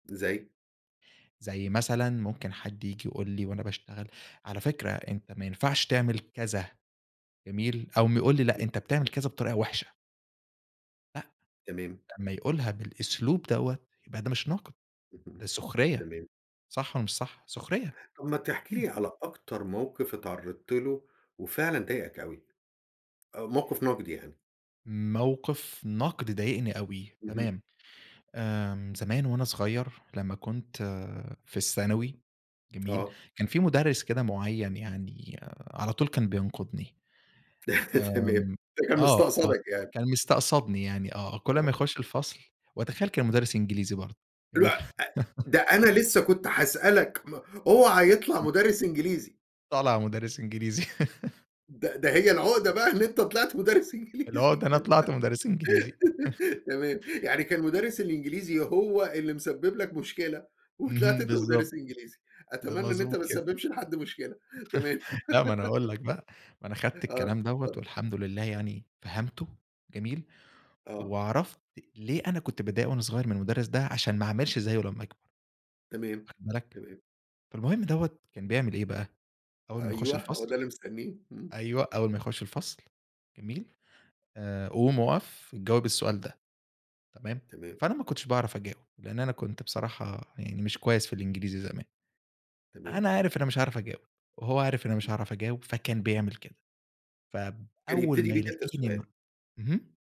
زي؟ زي مثلًا ممكن حد ييجي يقول لي وأنا باشتغل: "على فكرة أنت ما ينفعش تعمل كذا." جميل، أو م يقول لي: "لأ أنت بتعمل كذا بطريقة وحشة." لأ، تمام. لما يقولها بالأسلوب دوّة يبقى ده مش نقد، ده سخرية، تمام. صح والَّا مش صح؟ سخرية؟ طَب ما تحكِي امم. لي على أكتر موقف اتعرضت له وفعلًا ضايقك أوي، أو موقف نقد يعني. موقف نقد ضايقني أوي، اهم. تمام، آمم زمان وأنا صغيّر، لما كنت في الثانوي، جميل؟ آه. كان في مُدرّس كده معيّن يعني على طول كان بينقدني، تمام ده كان آمم آه، آه مستقصدك يعني. كان مستقصدني يعني آه، كل أما [unintelligible] يخش الفصل وأتخيّل كان مُدرّس إنجليزي برضه، جميل؟ [unintelligible] ده أنا لسه كنت هاسألك م أوعى يطلع مُدرّس إنجليزي! طالع مُدرّس إنجليزي. ده ده هي العُقدة بقى إن أنت طلعت مُدرّس إنجليزي العُقدة أنا كده طلعت مُدرّس إنجليزي. تمام يعني كان مُدرّس الإنجليزي هو اللي مسبب لك مشكلة، وطلعت اهم أنت بالضبط. مُدرّس إنجليزي! ب أتمنى إن أنت مضبوط ما كده. تسببش لحد مشكلة، تمام. لأ ما أنا هاقول لك بقى، ما أنا خدت آه، الكلام دوّة اتفضل. والحمد لله يعني فهمته، جميل؟ آه. وعرفت ليه أنا كنت باتضايق وأنا صغيّر من المُدرّس ده عشان ما أعملش زيه لما أكبر تمام، واخد بالك؟ تمام. فالمهم دوّة كان بيعمل إيه بقى؟ أوّل ما يخش أيوه، هو الفصل ده اللي مستنيه، امم. أيوه أوّل ما يخش الفصل جميل؟ آآ قوم أقف، جاوب السؤال ده، تمام؟ تمام. فأنا ما كنتش باعرف أجاوب، لأن أنا كنت بصراحة يعني مش كويس في الإنجليزي زمان، تمام. أنا عارف إن أنا مش هاعرف أجاوب، وهو عارف إن مش هاعرف أجاوب، فكان بيعمل كده، فب كان أوّل يبتدي ما بيك أنت يلاقيني م السؤال. اهم؟